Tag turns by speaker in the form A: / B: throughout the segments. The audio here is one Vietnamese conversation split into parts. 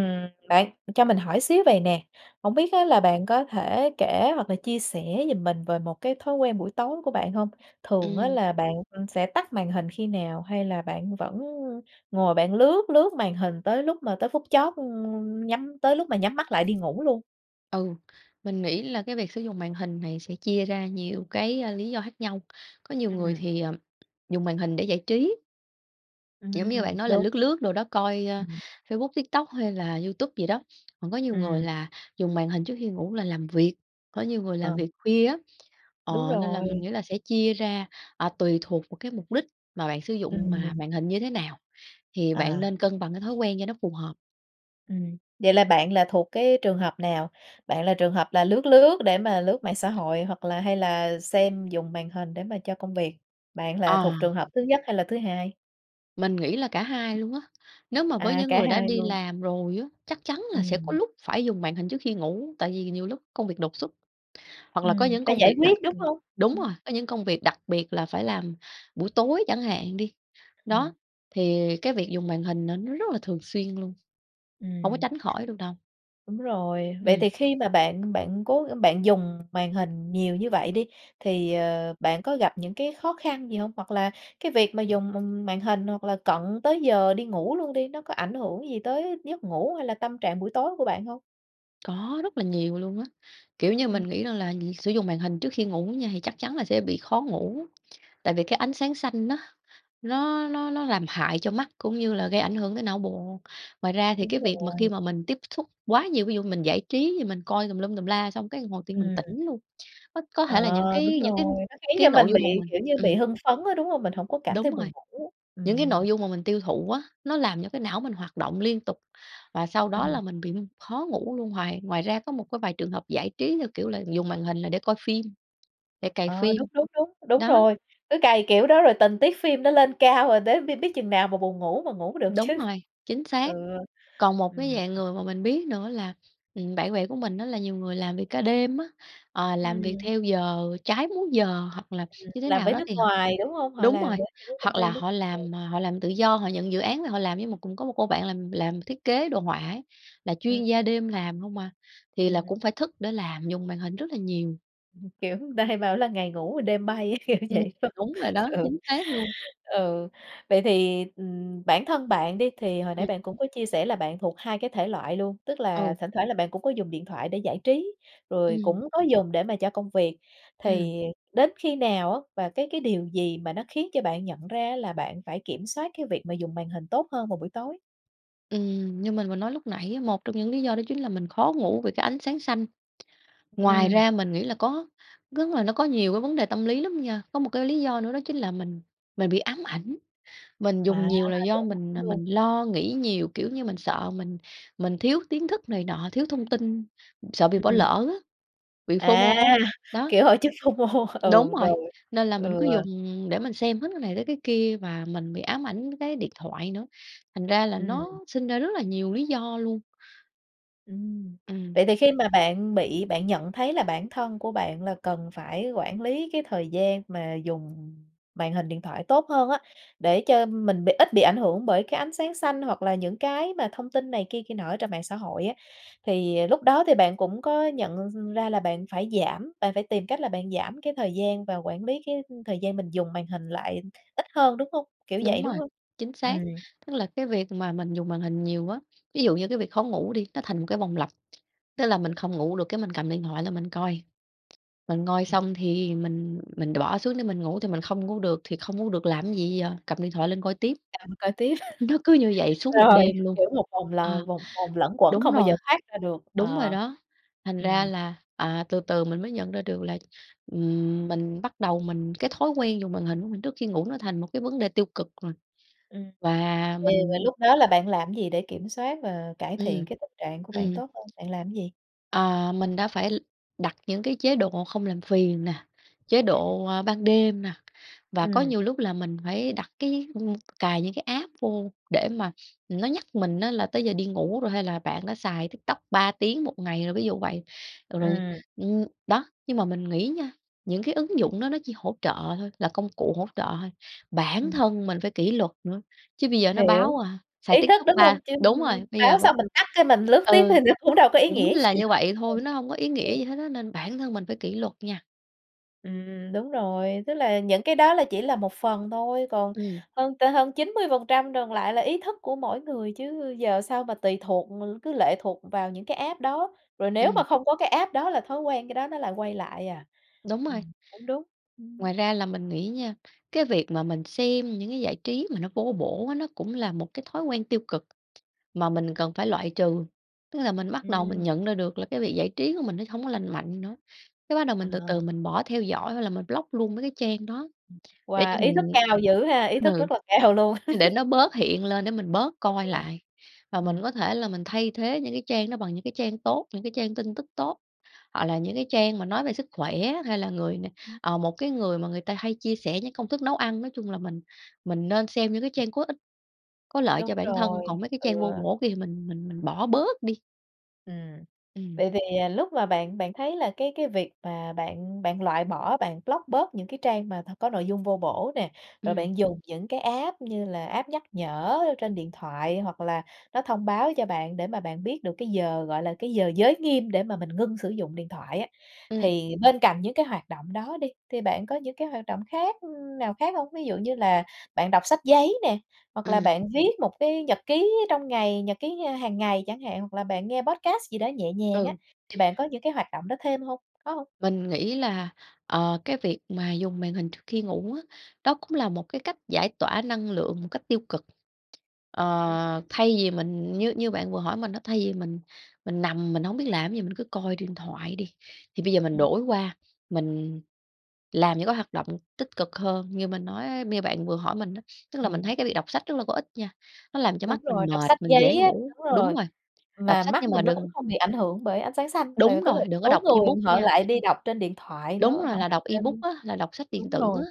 A: Ừm, bạn cho mình hỏi xíu vầy nè, hổng biết á là bạn có thể kể hoặc là chia sẻ giùm mình về một cái thói quen buổi tối của bạn hông? Thường á
B: Ừm.
A: là bạn sẽ tắt màn hình khi nào hay là bạn vẫn ngồi bạn lướt, lướt màn hình tới lúc mà tới phút chót, ưm, nhắm, tới lúc mà nhắm mắt lại đi ngủ luôn?
B: Ừ. Mình nghĩ là cái việc sử dụng màn hình này sẽ chia ra nhiều cái, a, lý do khác nhau. Có nhiều người
A: Ừm.
B: thì, ờ, dùng màn hình để giải trí. Giống như bạn
A: Ừm,
B: nói là
A: đúng.
B: lướt, lướt đồ đó coi, ơ,
A: Ừm.
B: Facebook, TikTok, hay là YouTube gì đó. Còn có nhiều người
A: Ừm.
B: là dùng màn hình trước khi ngủ là làm việc, có nhiều người làm
A: Ờ.
B: việc khuya á.
A: Đúng
B: Ờ, nên là mình
A: rồi.
B: nghĩ là sẽ chia ra, à, tùy thuộc vào cái mục đích mà bạn sử dụng mà
A: Ừm.
B: màn hình như thế nào thì bạn
A: À!
B: nên cân bằng cái thói quen cho nó phù hợp.
A: Ừm. Vậy là bạn là thuộc cái trường hợp nào? Bạn là trường hợp là lướt lướt để mà lướt mạng xã hội hoặc là hay là xem dùng màn hình để mà cho công việc? Bạn là
B: Ờ.
A: thuộc trường hợp thứ nhất hay là thứ hai?
B: Mình nghĩ là cả hai luôn á. Nếu mà với
A: À,
B: những
A: cả
B: người đã
A: hai
B: đi
A: luôn.
B: làm rồi á, chắc chắn là sẽ có
A: Ừm.
B: lúc phải dùng màn hình trước khi ngủ, tại vì nhiều lúc công việc đột xuất, hoặc là có
A: Ừm,
B: những
A: phải
B: công
A: giải
B: việc đặc,
A: quyết, đúng
B: ưm
A: hông?
B: đúng
A: Ừm.
B: rồi, có những công việc đặc biệt là phải làm buổi tối chẳng hạn đi.
A: Ừm.
B: Đó, thì cái việc dùng màn hình n nó rất là thường xuyên luôn, hổng có
A: Ừm.
B: tránh khỏi được đâu.
A: Đúng rồi, vậy
B: Ừm.
A: thì khi mà bạn bạn cố bạn dùng màn hình nhiều như vậy đi, thì, ờ, bạn có gặp những cái khó khăn gì hông? Hoặc là cái việc mà dùng, ừm, màn hình hoặc là cận tới giờ đi ngủ luôn đi, nó có ảnh hưởng gì tới giấc ngủ hay là tâm trạng buổi tối của bạn hông?
B: Có, rất là nhiều luôn á! Kiểu như
A: Ừm.
B: mình nghĩ rằng là việc sử dụng màn hình trước khi ngủ á nha thì chắc chắn là sẽ bị khó ngủ, tại vì cái ánh sáng xanh á nó nó nó nó làm hại cho mắt cũng như là gây ảnh hưởng tới não bộ. Ngoài ra thì
A: Đúng
B: cái việc mà khi
A: rồi.
B: mà mình tiếp xúc quá nhiều, ví dụ mình giải trí thì mình coi tùm lum tùm la, xong cái hồi tự nhiên mình
A: Ừm.
B: tỉnh luôn, c có thể là
A: Ờ,
B: những
A: đúng
B: cái những cái
A: rồi, nó khiến
B: cái
A: cho
B: nội
A: mình
B: dung mà
A: bị,
B: mình
A: kiểu như, bị
B: ừm.
A: hưng phấn á, đúng hông? Mình hổng có cảm thấy
B: Đúng rồi.
A: buồn ngủ.
B: Những cái
A: Ừm.
B: nội dung mà mình tiêu thụ á, nó làm cho cái não mình hoạt động liên tục và sau đó
A: Ừm.
B: là mình bị khó ngủ luôn, hoài ngoài ra có một cái vài trường hợp giải trí theo kiểu là dùng màn hình là để coi phim, để cày
A: Ờ,
B: phim.
A: đúng, đúng, đúng, đúng
B: Đó.
A: rồi. Cứ cày kiểu đó rồi tình tiết phim nó lên cao rồi tới biết biết chừng nào mà buồn ngủ mà ngủ được
B: Đúng
A: chứ.
B: rồi. Chính xác!
A: Ừ.
B: Còn một cái
A: Ừm.
B: dạng người mà mình biết nữa là, ừm, bạn bè của mình á là nhiều người làm việc ca đêm á, ờ, làm việc
A: Ừm.
B: theo giờ trái múi giờ, hoặc là
A: Ừm,
B: như thế
A: làm
B: nào
A: với
B: đó
A: nước
B: thì h
A: ngoài, đúng hông? Họ
B: đúng
A: làm
B: rồi,
A: với những công
B: hoặc
A: ty
B: là
A: nước
B: họ
A: ngoài.
B: làm, ờ, họ làm tự do, họ nhận dự án về họ làm. Giống một cũng có một cô bạn làm làm thiết kế đồ họa ấy, là
A: Ừm.
B: chuyên gia đêm làm hông à, thì là
A: Ừm.
B: cũng phải thức để làm, dùng màn hình rất là nhiều.
A: Kiểu, người ta hay bảo là ngày ngủ rồi đêm bay á, kiểu
B: Ừm,
A: vậy, đúng hông?
B: đúng rồi đó,
A: Ừ,
B: chính xác luôn.
A: ừ, vậy thì, ừm, bản thân bạn đi, thì hồi nãy
B: Ừm.
A: bạn cũng có chia sẻ là bạn thuộc hai cái thể loại luôn, tức là
B: Ừ.
A: thỉnh thoảng là bạn cũng có dùng điện thoại để giải trí, rồi
B: Ừm.
A: cũng có dùng để mà cho công việc.
B: Ừm.
A: Thì đến khi nào á và cái cái điều gì mà nó khiến cho bạn nhận ra á là bạn phải kiểm soát cái việc mà dùng màn hình tốt hơn vào buổi tối?
B: Ừm, như mình vừa nói lúc nãy á, một trong những lý do đó chính là mình khó ngủ vì cái ánh sáng xanh, ngoài
A: Ừm.
B: ra mình nghĩ là có rức là nó có nhiều cái vấn đề tâm lý lắm nha. Có một cái lý do nữa đó chính là mình mình bị ám ảnh, mình
A: Wow,
B: dùng nhiều là
A: bị
B: do
A: ám
B: mình,
A: ảnh
B: à,
A: luôn.
B: mình lo nghĩ nhiều, kiểu như, mình sợ mình mình thiếu tiến thức này nọ, thiếu thông tin, sợ bị
A: Ừm,
B: bỏ
A: ừm.
B: lỡ á, bị FOMO,
A: À!
B: đó.
A: Kiểu, hội chứng FOMO,
B: Đúng
A: ừ,
B: rồi,
A: rồi,
B: nên là mình
A: ừ.
B: cứ dùng để mình xem hết cái này tới cái kia và mình bị ám ảnh với cái điện thoại nữa, thành ra là
A: Ừm.
B: nó sinh ra rất là nhiều lý do luôn.
A: Ừm.
B: Ừm.
A: Vậy thì khi mà bạn bị bạn nhận thấy là bản thân của bạn là cần phải quản lý cái thời gian mà dùng màn hình điện thoại tốt hơn á, để cho mình bị ít bị ảnh hưởng bởi cái ánh sáng xanh hoặc là những cái mà thông tin này kia kia nọ ở trên mạng xã hội á, thì, à, lúc đó thì bạn cũng có nhận ra là bạn phải giảm, bạn phải tìm cách là bạn giảm cái thời gian và quản lý cái, ưm, thời gian mình dùng màn hình lại ít hơn, đúng hông? Kiểu
B: Đúng
A: vậy, đúng
B: rồi,
A: hông?
B: chính xác,
A: Ừm.
B: tức là cái việc mà mình dùng màn hình nhiều á. Ví dụ như cái việc khó ngủ đi, nó thành một cái vòng lặp, tức là mình
A: [unintelligible]
B: không ngủ được cái mình cầm điện thoại lên mình coi, mình coi xong thì mình mình đ bỏ xuống để mình ngủ thì mình không ngủ được, thì không ngủ được làm cái gì giờ, cầm điện thoại lên coi tiếp.
A: Cầm coi tiếp.
B: Nó cứ như vậy suốt một
A: Rồi,
B: đêm luôn.
A: kiểu, một vòng
B: Ờ,
A: là vòng vòng luẩn quẩn
B: đúng
A: không bao giờ
B: rồi,
A: thoát ra được,
B: đúng rồi
A: ờ.
B: đó, thành ra
A: Ừm.
B: là, à, từ từ mình mới nhận ra được là, ừm, mình bắt đầu mình cái thói quen dùng màn hình của mình trước khi ngủ nó thành một cái vấn đề tiêu cực rồi.
A: Ưm, ừm,
B: Và
A: thì và
B: mình
A: lúc đó là bạn làm cái gì để kiểm soát và cải thiện
B: Ừm,
A: cái tình trạng của bạn
B: ừm.
A: tốt hơn, bạn làm cái gì?
B: À, mình đã phải l đặt những cái chế độ không làm phiền nè, chế
A: [unintelligible]
B: độ, a, ban đêm nè và có
A: Ừm.
B: nhiều lúc là mình phải đặt cái, ưm, cài những cái app vô để mà, ừm, nó nhắc mình á là tới giờ đi ngủ rồi hay là bạn đã xài TikTok 3 tiếng 1 ngày rồi, ví dụ vậy. Ờ, rồi,
A: Ừm.
B: ưm, đó, nhưng mà mình nghĩ nha, những cái ứng dụng đó nó chỉ hỗ trợ thôi, là công cụ hỗ trợ thôi, bản
A: Ừm.
B: thân mình phải kỷ luật nữa, chứ bây giờ nó
A: Hiểu,
B: báo, à, xài
A: ý thức,
B: TikTok
A: đúng hông?
B: ba
A: Chứ
B: đúng rồi, bây giờ
A: báo
B: b
A: xong mình tắt cái mình lướt tiếp
B: ừ,
A: thì nó cũng đâu có ý
B: cũng
A: nghĩa
B: là
A: gì
B: như
A: đâu.
B: vậy
A: Đúng rồi,
B: thôi, nó hông có ý nghĩa
A: ừ.
B: gì hết á nên bản thân mình phải kỷ luật nha.
A: Ừm, đúng rồi. Tức là những cái đó là chỉ là một phần thôi, còn
B: Ừm.
A: hơn t hơn 90% còn lại là ý thức của mỗi người, chứ giờ sao mà tùy thuộc, ừ, cứ lệ thuộc vào những cái app đó. Rồi nếu mà
B: Ừm.
A: không có cái app đó là thói quen khi đó nó lại quay lại à?
B: Đúng rồi.
A: Ừm, cũng đúng. Ừm.
B: Ngoài ra là mình nghĩ nha, cái việc mà mình xem những cái giải trí mà nó vô bổ á nó cũng là một cái thói quen tiêu cực mà
A: Ừm,
B: mình
A: ừm.
B: cần phải loại trừ. Tức là mình bắt đầu mình
A: Ừm.
B: nhận ra được là cái việc giải trí của mình nó hổng có lành mạnh nữa, cái bắt đầu
A: Ờ.
B: mình từ từ mình bỏ theo dõi hoặc là mình block luôn mấy cái trang đó để cho
A: Wow, ý thức
B: mình
A: cao dữ ha! Ý thức
B: ừ,
A: rất là cao luôn.
B: để nó bớt hiện lên để mình bớt coi
A: [unintelligible]
B: lại. Và mình
A: ừm.
B: có thể là mình thay thế những cái trang đó bằng những cái trang tốt, những cái trang tin tức tốt, hoặc là những cái trang mà nói về sức khỏe hay là người n
A: Ừm.
B: ờ, một cái người mà người ta hay chia sẻ những công thức nấu ăn. Nói chung là mình mình nên xem những cái trang có ích, có lợi cho
A: Đúng
B: bản thân,
A: rồi,
B: còn mấy cái
A: ừ.
B: trang vô bổ kia thì mình mình mình bỏ bớt đi.
A: Ừm.
B: Ừm.
A: Vậy thì lúc mà bạn bạn thấy là cái cái việc mà bạn bạn loại bỏ, bạn block bớt những cái trang mà có nội dung vô bổ nè, rồi
B: Ừm.
A: bạn dùng những cái app như là app nhắc nhở trên điện thoại, hoặc là nó thông báo cho bạn để mà bạn biết được cái giờ, gọi là, cái giờ giới nghiêm để mà mình ngưng sử dụng điện thoại á,
B: Ừm.
A: thì bên cạnh những cái hoạt động đó đi, thì bạn có những cái hoạt động khác, ưm, nào khác hông? Ví dụ như là bạn đọc sách giấy nè, hoặc là
B: Ừm.
A: bạn viết một cái nhật ký trong ngày, nhật ký hàng ngày chẳng hạn, hoặc là bạn nghe podcast gì đó nhẹ nhàng á,
B: Ừ.
A: thì bạn có những cái hoạt động đó thêm hông? Có hông?
B: Mình nghĩ là, ờ, cái việc mà dùng màn hình trước khi ngủ á, đó cũng là một cái cách giải tỏa năng lượng một cách tiêu cực.
A: [unintelligible]
B: Ờ, thay vì mình như như bạn vừa hỏi mình á, thay vì mình mình nằm mình hổng biết làm cái gì, mình cứ coi điện thoại đi, thì bây giờ mình
A: Ừm.
B: đổi qua mình làm những cái hoạt động tích cực hơn như mình nói, như bạn vừa hỏi mình á. Tức là mình
A: Ừm.
B: thấy cái việc đọc sách rất là có ích nha, nó làm cho mắt
A: Đúng
B: mình
A: rồi, đọc
B: mệt,
A: sách
B: mình dễ
A: giấy á,
B: ngủ
A: đúng
B: đúng
A: rồi.
B: rồi. Đọc
A: Mà
B: sách
A: mắt
B: nhưng mà
A: mình nó cũng
B: đừng
A: không bị ảnh hưởng bởi ánh sáng xanh. Tại vì
B: đúng
A: có
B: rồi,
A: một
B: đừng có
A: số
B: đọc
A: người
B: ebook
A: họ
B: nha.
A: lại đi đọc trên điện thoại
B: Đúng
A: nữa, họ
B: rồi, là
A: đọc
B: đọc ebook
A: trên
B: á, là đọc sách điện
A: đúng
B: tử.
A: rồi,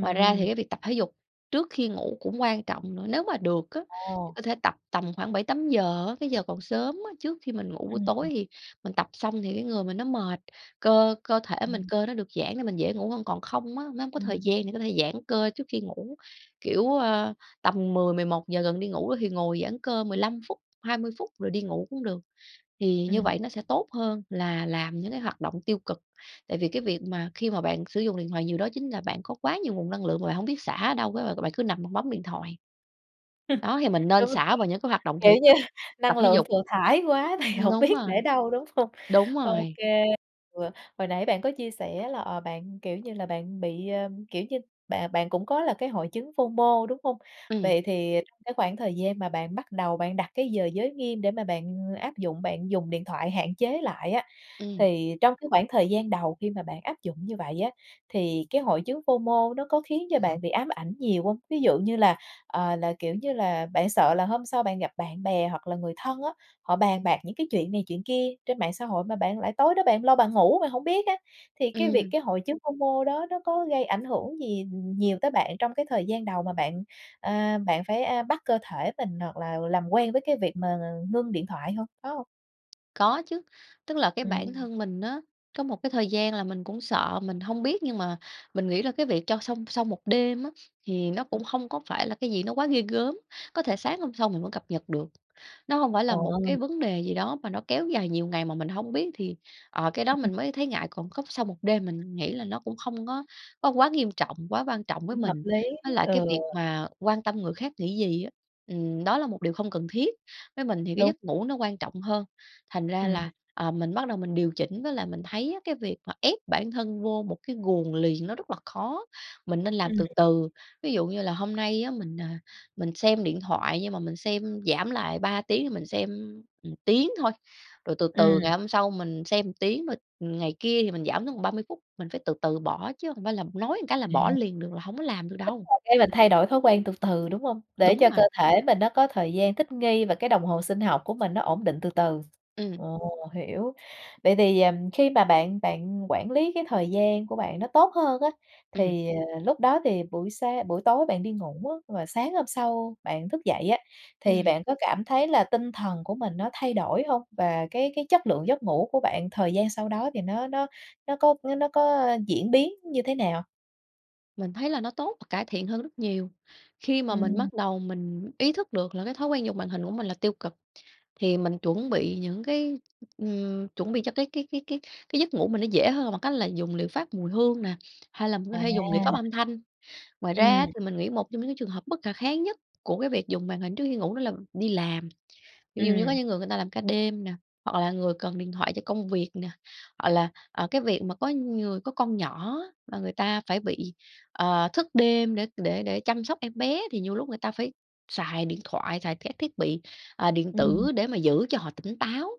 B: Ngoài ra thì cái việc tập thể dục trước khi ngủ cũng quan trọng nữa, nếu mà được á thì
A: Ồ!
B: có thể tập tầm khoảng 7:00-8:00, cái giờ còn sớm á. Trước khi mình ngủ buổi
A: Ừm.
B: tối thì mình tập xong thì cái người mình nó mệt, cơ cơ thể mình
A: Ừm.
B: cơ nó được giãn để mình dễ ngủ hơn. Còn không á, nếu không có thời
A: Ừm.
B: gian thì có thể giãn cơ trước khi ngủ. Kiểu, a, tầm 10:00-11:00 gần đi ngủ thì ngồi giãn cơ 15 phút, 20 phút rồi đi ngủ cũng được, thì như
A: Ừm.
B: vậy nó sẽ tốt hơn là làm những cái hoạt động tiêu cực. Tại vì cái việc mà khi mà bạn sử dụng điện thoại nhiều đó, chính là bạn có quá nhiều nguồn năng lượng mà bạn hổng biết xả ở đâu, r rồi bạn cứ nằm bạn bấm điện thoại. Đó, thì mình nên
A: Đúng rồi,
B: xả vào những cái hoạt động
A: kiểu
B: thể
A: như
B: chất,
A: năng
B: tập thể
A: lượng
B: dục.
A: thừa thãi quá thì
B: Ừm,
A: hổng
B: đúng
A: biết để
B: rồi.
A: đâu đúng hông?
B: Đúng
A: Ô
B: rồi.
A: kê, ừ. Hồi nãy bạn có chia sẻ là, ờ, bạn, kiểu như là, bạn bị, ơ, kiểu như, bạn bạn cũng có là cái hội chứng FOMO, đúng hông?
B: Ừm.
A: Vậy thì trong cái khoảng thời gian mà bạn bắt đầu bạn đặt cái giờ giới nghiêm để mà bạn áp dụng, bạn dùng điện thoại hạn chế lại á,
B: Ừm.
A: thì trong cái khoảng thời gian đầu khi mà bạn áp dụng như vậy á, thì cái hội chứng FOMO, nó có khiến cho bạn bị ám ảnh nhiều hông? Ví dụ như là, ờ, là, kiểu như là, bạn sợ là hôm sau bạn gặp bạn bè hoặc là người thân á, họ bàn bạc những cái chuyện này chuyện kia trên mạng xã hội mà bạn lại tối đó bạn lo bạn ngủ rồi hổng biết á. Thì cái việc
B: Ừm.
A: cái hội chứng FOMO, đó nó có gây ảnh hưởng gì nhiều tới bạn trong cái thời gian đầu mà bạn, à, bạn phải, a, bắt cơ thể mình hoặc là làm quen với cái việc mà ngưng điện thoại hông, có hông?
B: Có chứ, tức là cái bản
A: Ừm.
B: thân mình á, có một cái thời gian là mình cũng sợ, mình hông biết nhưng mà mình nghĩ là cái việc cho xong sau 1 đêm á thì nó
A: Ừm.
B: cũng không có phải là cái gì nó quá ghê gớm, có thể sáng hôm sau mình vẫn cập nhật được. Nó hông phải
A: Ờ.
B: là một cái vấn đề gì đó mà nó kéo dài nhiều ngày mà mình hông biết thì, ờ, cái đó mình mới thấy ngại, còn cốc sau 1 đêm mình nghĩ là nó cũng không có có quá nghiêm trọng, quá quan trọng với
A: Cũng hợp
B: mình.
A: lý,
B: Với lại cái
A: ừ.
B: việc mà quan tâm người khác nghĩ gì á, ừm, đó là một điều không cần thiết, với mình thì cái
A: Đúng.
B: giấc ngủ nó quan trọng hơn. Thành ra
A: Ừm.
B: là, ờ, mình bắt đầu mình điều chỉnh, với lại mình thấy á cái việc mà ép bản thân vô một cái guồng liền nó rất là khó, mình nên làm
A: Ừm.
B: từ từ. Ví dụ như là hôm nay á mình, à, mình xem điện thoại nhưng mà mình xem giảm lại, 3 tiếng thì mình xem một tiếng thôi, rồi từ từ
A: Ừm.
B: ngày hôm sau mình xem một tiếng, ừm, ngày kia thì mình giảm xuống còn 30 phút, mình phải từ từ bỏ, chứ hông phải là nói một cái là bỏ
A: À.
B: liền được, là hổng có làm được
A: Tức
B: đâu.
A: là cái là thay đổi thói quen từ từ, đúng hông? Để
B: Đúng
A: cho
B: rồi.
A: cơ thể mình nó có thời gian thích nghi và cái đồng hồ sinh học của mình nó ổn định từ từ.
B: Ừm.
A: Ồ! Hiểu. Vậy thì, ừm, khi mà bạn bạn quản lý cái thời gian của bạn nó tốt hơn á,
B: Ừm.
A: thì, ờ, lúc đó thì buổi sáng buổi tối bạn đi ngủ á, rồi sáng hôm sau bạn thức dậy á, thì
B: Ừm.
A: bạn có cảm thấy là tinh thần của mình nó thay đổi hông? Và cái cái chất lượng giấc ngủ của bạn thời gian sau đó thì nó nó nó có với nó có, ơ, diễn biến như thế nào?
B: Mình thấy là nó tốt và cải thiện hơn rất nhiều. Khi mà mình
A: Ừm.
B: bắt đầu mình ý thức được là cái thói quen dùng màn hình của mình là tiêu cực, thì mình chuẩn bị những cái, ừm, chuẩn bị cho cái cái cái cái cái giấc ngủ mình nó dễ hơn là bằng cách là dùng liệu pháp mùi hương nè, hay là mình có thể dùng liệu pháp
A: À.
B: âm thanh. Ngoài ra á
A: Ừm.
B: thì mình nghĩ một trong những cái trường hợp bất khả kháng nhất của cái việc dùng màn hình trước khi ngủ đó là đi làm, ví dụ như có
A: Ừm.
B: những người người ta làm ca đêm nè, hoặc là người cần điện thoại cho công việc nè, hoặc là, ờ, cái việc mà có người có con nhỏ á, là người ta phải bị, ờ, thức đêm để để để chăm sóc em bé thì nhiều lúc người ta phải xài điện thoại, xài thẻ thiết bị, ờ, điện
A: Ừm.
B: tử để mà giữ cho họ tỉnh táo,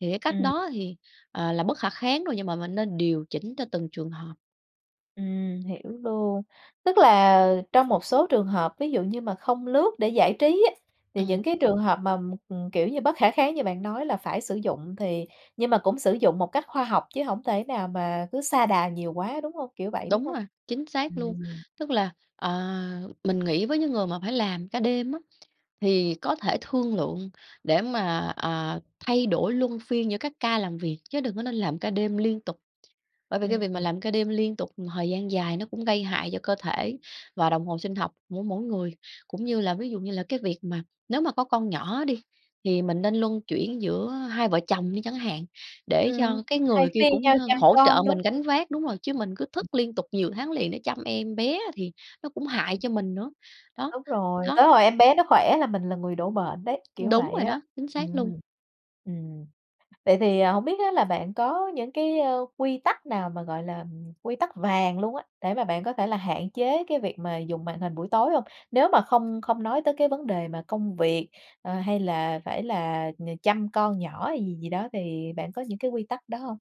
B: thì cái cách
A: Ừm.
B: đó thì, ờ, là bất khả kháng rồi, nhưng mà mình nên điều chỉnh cho từng trường hợp.
A: Ừm, hiểu luôn. Tức là trong một số trường hợp ví dụ như mà không lướt để giải trí á, thì
B: Ừm.
A: những cái trường hợp mà, ừm, kiểu, như bất khả kháng như bạn nói là phải sử dụng thì nhưng mà cũng sử dụng một cách khoa học chứ hổng thể nào mà cứ sa đà nhiều quá đúng hông, kiểu, vậy đúng
B: Đúng
A: hông?
B: rồi, chính xác luôn.
A: Ừm.
B: Tức là, ờ, mình nghĩ với những người mà phải làm ca đêm á, thì có thể thương lượng để mà, ờ, thay đổi luân phiên giữa các ca làm việc, chứ đừng có nên làm ca đêm liên tục. Bởi vì cái việc mà
A: Ừm.
B: làm ca đêm liên tục thời gian dài nó cũng gây hại cho cơ thể và đồng hồ sinh học của mỗi người. Cũng như là ví dụ như là cái việc mà nếu mà có con nhỏ đi, thì mình nên luân chuyển giữa hai vợ chồng đi chẳng hạn để
A: Ừm,
B: cho cái
A: thay
B: người kia
A: phiên
B: cũng hơ hỗ trợ
A: nhau chăm con, đúng
B: mình
A: [unintelligible]
B: gánh vác đúng rồi, chứ mình cứ thức liên tục nhiều tháng liền để chăm em bé thì nó cũng hại cho mình nữa, đó,
A: Đúng rồi,
B: đó.
A: tới hồi em bé nó khỏe là mình là người đổ bệnh đấy, kiểu
B: Đúng
A: vậy
B: rồi
A: á.
B: đó, chính xác luôn!
A: Ừm, ừm. Vậy thì, à, hổng biết á là bạn có những cái, ơ, quy tắc nào mà, gọi là, ừm, quy tắc vàng luôn á, để mà bạn có thể là hạn chế cái việc mà dùng màn hình buổi tối hông? Nếu mà không không nói tới cái vấn đề mà công việc, ờ, hay là phải là nh chăm con nhỏ hay gì gì đó thì bạn có những cái quy tắc đó hông?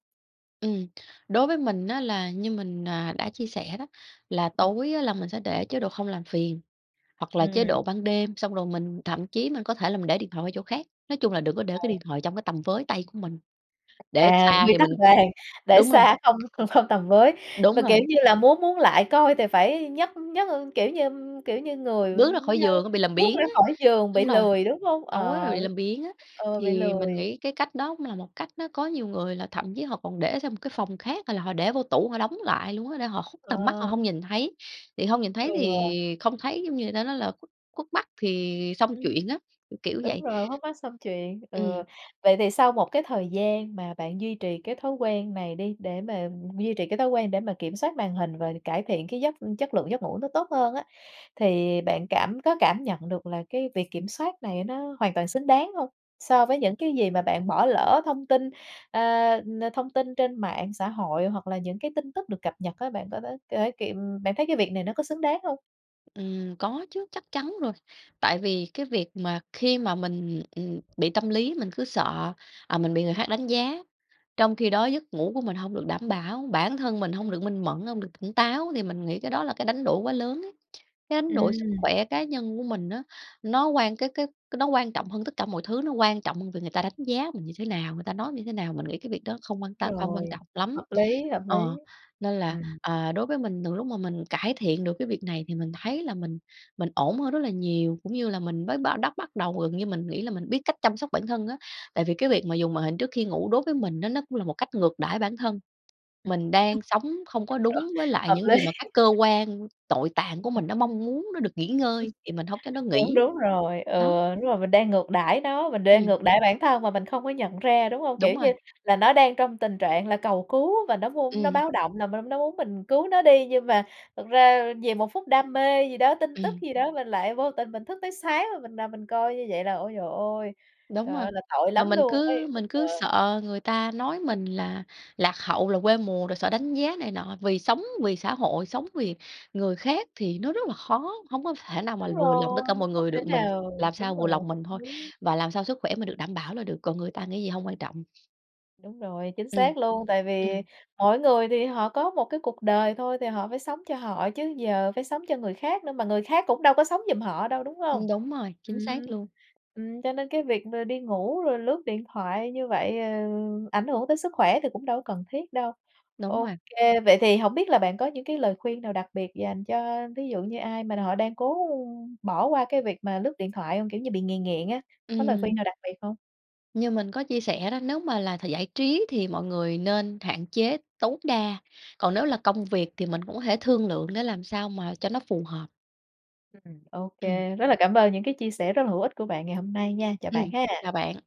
B: Ừm, đối với mình á là như mình, à, đã chia sẻ đó là
A: Ừm.
B: tối á là mình sẽ để chế độ không làm phiền hoặc là chế
A: Ừm.
B: độ ban đêm, xong rồi mình thậm chí mình có thể là mình để điện thoại qua chỗ khác, nói chung là đừng có để cái
A: Ừ.
B: điện thoại trong cái tầm với tay của mình. Để
A: À.
B: xa
A: Quy
B: thì
A: tắc
B: mình cũng
A: vàng để
B: đúng rồi.
A: xa không không tầm với.
B: Đúng
A: Mà, kiểu,
B: rồi.
A: như là muốn muốn lại coi thì phải nhấc nhấc, kiểu như kiểu như, người
B: Bước ra khỏi
A: như
B: giường á, bị làm
A: bước
B: biếng
A: ra
B: á,
A: khỏi giường bị
B: đúng rồi,
A: lười, đúng hông?
B: tối rồi
A: Ờ,
B: bị làm biếng á.
A: ừ, bị
B: Thì mình
A: lười.
B: nghĩ cái cách đó cũng là một cách nó có nhiều người là thậm chí họ còn để sang một cái phòng khác, hay là họ để vô tủ họ đóng lại luôn á, để họ khuất tầm mắt họ
A: Ờ.
B: hông nhìn thấy, thì hông nhìn thấy thì
A: Ừ.
B: không thấy, giống như, người ta nói là khuất khuất mắt thì xong
A: Ừm.
B: chuyện á, kiểu
A: Đúng
B: vậy.
A: rồi, khuất mắt xong chuyện. Ừ,
B: Ừm.
A: vậy thì sau một cái thời gian mà bạn duy trì cái thói quen này đi để mà duy trì cái thói quen để mà kiểm soát màn hình và cải thiện cái giấc chất lượng giấc ngủ nó tốt hơn á, thì bạn cảm có cảm nhận được là cái việc kiểm soát này nó hoàn toàn xứng đáng hông? So với những cái gì mà bạn bỏ lỡ thông tin, ơ, nơ thông tin trên mạng xã hội hoặc là những cái tin tức được cập nhật á, bạn có thấy có thể kiệm bạn thấy cái việc này nó có xứng đáng hông?
B: Ừm. Có chứ, chắc chắn rồi. Tại vì cái việc mà khi mà mình, ừm, bị tâm lý, mình cứ sợ, à, mình bị người khác đánh giá, trong khi đó giấc ngủ của mình hông được đảm bảo, bản thân mình hông
A: Ừm.
B: được minh mẫn, hông được tỉnh táo, thì mình nghĩ cái đó là cái đánh đổi quá lớn ấy. Cái đánh đổi sức
A: Ừm.
B: khỏe cá nhân của mình á nó quan cái cái nó quan trọng hơn tất cả mọi thứ, nó quan trọng hơn việc người ta đánh giá mình như thế nào, người ta nói mình như thế nào, mình nghĩ cái việc đó không quan tâm, không quan
A: Rồi.
B: trọng lắm.
A: Hợp lý, hợp
B: Ờ,
A: lý.
B: nên là,
A: Ừm.
B: ờ, đối với mình từ lúc mà mình cải thiện được cái việc này thì mình thấy là mình mình ổn hơn rất là nhiều, cũng như là mình mới bá đắp bắt đầu gần như mình nghĩ là mình biết cách chăm sóc bản thân á, tại vì cái việc mà dùng màn hình trước khi ngủ đối với mình á nó cũng là một cách ngược đãi bản thân. Mình đang sống không có đúng với lại
A: Hợp
B: những gì
A: lý.
B: mà các cơ quan tội tạng của mình, nó mong muốn nó được nghỉ ngơi thì mình hông cho nó
A: Đúng,
B: nghỉ.
A: đúng rồi, ừ,
B: Đó.
A: đúng rồi, mình đang ngược đãi nó, mình đang
B: Ừm.
A: ngược đãi bản thân mà mình không có nhận ra, đúng hông?
B: Đúng
A: Kiểu
B: rồi.
A: như là nó đang trong tình trạng là cầu cứu và nó vuông nó
B: Ừm.
A: báo động là n nó muốn mình cứu nó đi. Nhưng mà thực ra vì một phút đam mê gì đó, tin tức
B: Ừm.
A: gì đó, mình lại vô tình mình thức tới sáng, rồi mình nằm mình coi như vậy là, ôi trời ơi,
B: Đúng
A: trời
B: rồi.
A: ơi, là tội
B: Mà
A: lắm
B: mình
A: luôn ấy,
B: cứ
A: nhưng
B: mình
A: mà
B: cứ sợ người ta nói mình là lạc hậu, là quê mùa, rồi sợ đánh giá này nọ. Vì sống vì xã hội, sống vì người khác thì nó rất là khó, hông có thể nào mà
A: Đúng
B: vừa lòng tất
A: rồi,
B: cả mọi
A: không
B: người
A: thể
B: được, mình
A: nào
B: làm sao
A: đúng
B: vừa
A: rồi,
B: lòng
A: hợp
B: mình thôi
A: lý.
B: và làm sao sức khỏe mình được đảm bảo là được. Còn người ta nghĩ gì hông quan trọng.
A: Đúng rồi, chính
B: Ừm.
A: xác luôn, tại vì
B: Ừm.
A: mỗi người thì họ có một cái cuộc đời thôi thì họ phải sống cho họ chứ, giờ phải sống cho người khác nữa mà người khác cũng đâu có sống giùm họ đâu, đúng hông?
B: Ừm, đúng rồi,
A: Ừm.
B: chính xác luôn.
A: Ừm, cho nên cái việc mà đi ngủ rồi lướt điện thoại như vậy, ờ, ảnh hưởng tới sức khỏe thì cũng đâu có cần thiết đâu.
B: Đúng
A: Ô
B: rồi.
A: kê, vậy thì hổng biết là bạn có những cái lời khuyên nào đặc biệt dành cho ví dụ như ai mà họ đang cố bỏ qua cái việc mà lướt điện thoại hông? Kiểu như bị nghiện nghiện á, có lời khuyên
B: Ừm.
A: nào đặc biệt hông?
B: Như mình có chia sẻ đó, nếu mà là th giải trí thì mọi người nên hạn chế tối đa, còn nếu là công việc thì mình cũng có thể thương lượng để làm sao mà cho nó phù hợp.
A: Ừm. Ô
B: Ừm.
A: kê, rất là cảm ơn những cái chia sẻ rất là hữu ích của bạn ngày hôm nay nha. Chào bạn
B: Ừm.
A: ha!
B: Chào bạn.